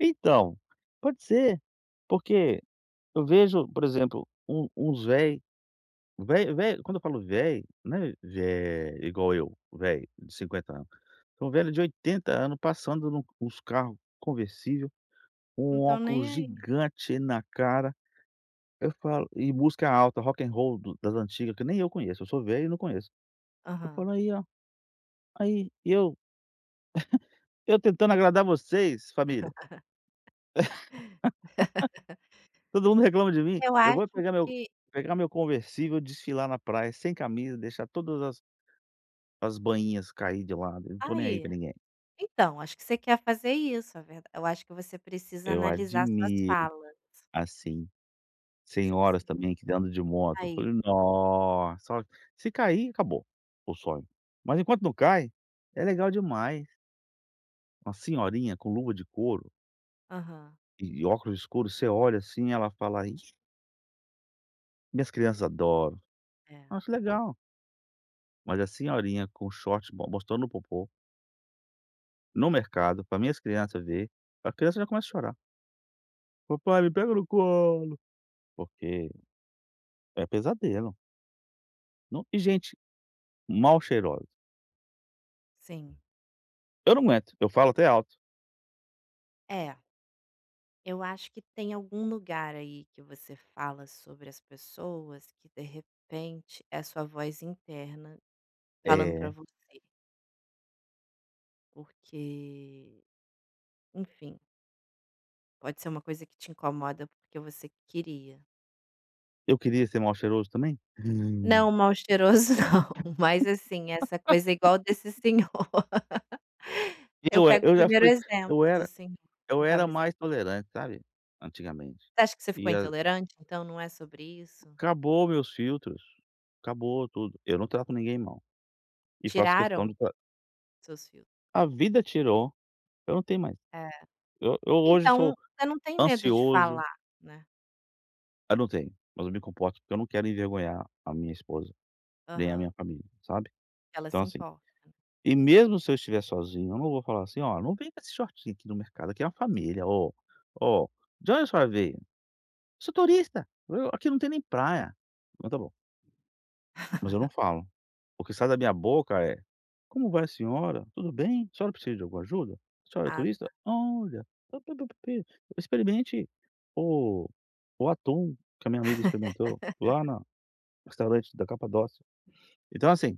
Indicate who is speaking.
Speaker 1: Então, pode ser. Porque, eu vejo por exemplo, um uns velho. Vel velho, quando eu falo velho, não é velho igual eu, velho de 50 anos, são velho de 80 anos, passando no nos carro conversível,
Speaker 2: Não
Speaker 1: com um
Speaker 2: estão nem,
Speaker 1: óculos
Speaker 2: ai.
Speaker 1: gigante na cara, eu falo e música alta, Rock and Roll do das antiga que nem eu conheço, eu sou velho e não conheço, eu
Speaker 2: Aham.
Speaker 1: falo: "Aí, ó, aí, eu" Eu, tentando agradar vocês família todo mundo reclama de mim,
Speaker 2: Eu
Speaker 1: eu
Speaker 2: acho
Speaker 1: vou é pegar meu
Speaker 2: que
Speaker 1: pegar meu conversível, desfilar na praia sem camisa, deixar todas as as banhinhas cair de lado, eu não tô nem aí
Speaker 2: Aí,
Speaker 1: para ninguém.
Speaker 2: então, acho que você quer fazer isso, a verda eu acho que você precisa
Speaker 1: Eu
Speaker 2: analisar suas
Speaker 1: admiro,
Speaker 2: falas.
Speaker 1: assim,
Speaker 2: Acho que você
Speaker 1: senhoras
Speaker 2: precisa
Speaker 1: também que ainda andam de moto, eu
Speaker 2: Aí.
Speaker 1: falei: "Nossa, ó", se cair, acabou o sonho, mas enquanto não cai, é legal demais! Uma senhorinha com luva de couro
Speaker 2: Aham.
Speaker 1: e óculos escuro, você olha, assim, ela fala: "Isso" minhas crianças adoram,
Speaker 2: É.
Speaker 1: eu acho legal. Mas a senhorinha com short mo mostrando o popô No mercado pra minhas criança ver. A criança já começa a chorar "papai, me pega no colo", porque é pesadelo. Não, e gente, mal cheirosa.
Speaker 2: Sim.
Speaker 1: Eu não aguento, eu falo até alto.
Speaker 2: É. Eu acho que tem algum lugar, aí que você fala sobre as pessoas, que de repente é a sua voz interna falando pra
Speaker 1: É.
Speaker 2: você. Porque enfim! Pode ser uma coisa que te incomoda, porque você queria.
Speaker 1: Eu queria ser mal cheiroso também?
Speaker 2: Não, mal cheiroso não, mas, assim, essa coisa igual desse senhor, eu
Speaker 1: Eu e
Speaker 2: pego o
Speaker 1: eu já
Speaker 2: primeiro
Speaker 1: fui
Speaker 2: exemplo
Speaker 1: eu
Speaker 2: do
Speaker 1: era
Speaker 2: senhor, com
Speaker 1: eu era
Speaker 2: camisa
Speaker 1: mais tolerante, sabe, antigamente,
Speaker 2: Você acha que você ficou
Speaker 1: e a
Speaker 2: intolerante, então, não é sobre isso?
Speaker 1: Acabou meus filtros, acabou tudo, eu não trato ninguém mal, e faço questão
Speaker 2: Tiraram?
Speaker 1: de tra
Speaker 2: Seus fil
Speaker 1: A vida tirou, eu não tenho mais,
Speaker 2: É,
Speaker 1: e eu hoje
Speaker 2: então,
Speaker 1: sou
Speaker 2: você não tem medo de falar,
Speaker 1: ansioso
Speaker 2: né?
Speaker 1: Eu não tenho! Mas eu me comporto, porque eu não quero envergonhar a minha esposa, nem a
Speaker 2: Aham.
Speaker 1: minha família, sabe?
Speaker 2: Ela
Speaker 1: Então,
Speaker 2: se
Speaker 1: assim
Speaker 2: importa.
Speaker 1: e mesmo se eu estiver sozinho, eu não vou falar, assim: "Ó, não vem com esse shortinho aqui no mercado, aqui é uma família, ó ó, de onde a senhora veio?", "Eu sou turista", eu, "Aqui não tem nem praia, não tá bom". Mas eu não falo, o que sai da minha boca é: "Como vai a senhora? Tudo bem? A senhora precisa de alguma ajuda? A senhora é
Speaker 2: Ah
Speaker 1: turista?
Speaker 2: tá.
Speaker 1: Olha! pi, pi, pi, pi. Experimente o o atum que a minha amiga experimentou lá na restaurante da Capadócia", então assim